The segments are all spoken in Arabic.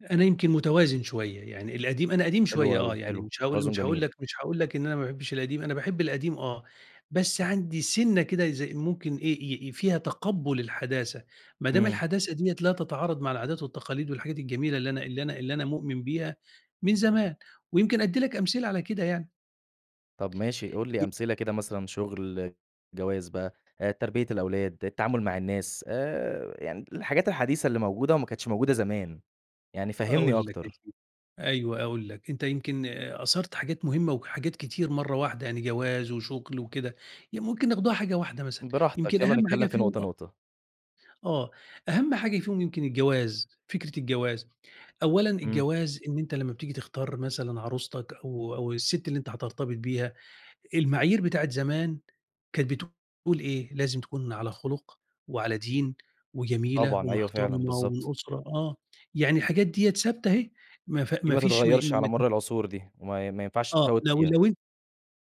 أنا يمكن متوازن شوية. يعني القديم أنا قديم حلو شوية أوي، آه، يعني حلو، مش هاقول التوازن مش هاقول جميل. لك مش هاقول لك إن أنا ما باحبّش القديم، أنا باحب القديم آه، بس عندي سِنّة كده إذا ممكن إيه، ي ي فيها تَقبُّل الحداثة. ما دام إمم. الحداثة ديّة لا تتعارض مع العادات والتقاليد والحاجات الجميلة اللي أنا اللي أنا اللي أنا مؤمن بيها من زمان ويمكن أدّي لك أمثلة على كده يعني. طَب ماشي قُل لي ي أمثلة كده مثلًا شُغل، جواز بقى، آآ تربية الأولاد، التعامل مع الناس، آآ يعني الحاجات الحديثة اللي موجودة وما كانتش موجودة زمان يعني فهِّمني أقول لك يا أكتر. سيدي. أيوه، أقول لك. أنت يمكن أثَرَت حاجات مهمة وحاجات كتير مرّة واحدة، يعني جواز وشُغل وكده ي ممكن ناخدوها حاجة واحدة مثلًا، براحتك، يمكن يالّا أهَم نتكلّم حاجة في فيهم نقطة، أ نقطة. آه. أهَم حاجة فيهم يمكن الجواز، فكرة الجواز. أولّا إمم. الجواز إن أنت لمّا بتيجي تختار مثلًا عروستك أو أو السِت اللي أنت هترتبط بيها، المعايير بتاعة زمان كانت بتقول إيه، لازم تكون على خُلُق وعلى دين وجميلة طبعًا، أيوه فعلًا، ومحترمة بالضبط. ومن أسرة آه. يعني الحاجات ديّة ثابتة أهي، ما ف دي ما ما فيش م تتغيّرش على مَر ممت العصور دي وما ما ينفعش آه. تفوِّت لو فيها. لو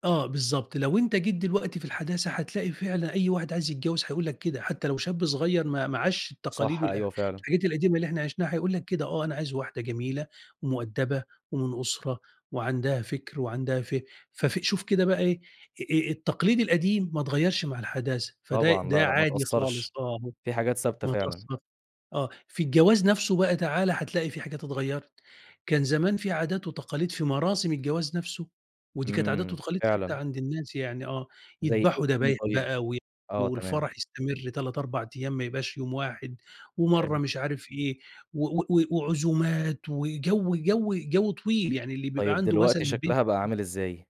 آه بالضبط. لو أنت جيت دلوقتي في الحداثة، هتلاقي فعلًا أي واحد عايز يتجوّز هيقول لك كده حتّى لو شاب صغير ما ما عاشش التقاليد صح، وال آآ أيوه فعلًا. الحاجات القديمة اللي إحنا عيشناها، هيقول لك كده آه، أنا عايز واحدة جميلة ومؤدَّبة ومن أسرة وعندها فِكْر وعندها ف ففي شوف كده بقى إيه، آآ التقليد القديم ما اتغيّرش مع الحداثة، فده طبعًا لا، ده لأ ما عادي خالص اتأثّرش، آه هو في حاجات ثابتة ما فعلًا. اتأثّرش آه. في الجواز نَفسه بقى تعال هتلاقي في حاجات اتغيّرت. كان زمان في عادات وتقاليد في مراسم الجواز نَفسه ودي كانت عادات إمم، وتقاليد ثابتة فعلًا. عند الناس يعني آه. زي يدبحوا [unintelligible] دبايح طيب؟ بقى وي آه تمام. والفَرَح يستمر 3، 4 أيام ما يبقاش يوم واحد حلو. ومرّة مش عارف إيه و و و وعزومات وجَو جَو جَو طويل، يعني اللي بيبقى طيب عنده دلوقتي مثلًا شكلها بقى [unintelligible] عامل إزاي؟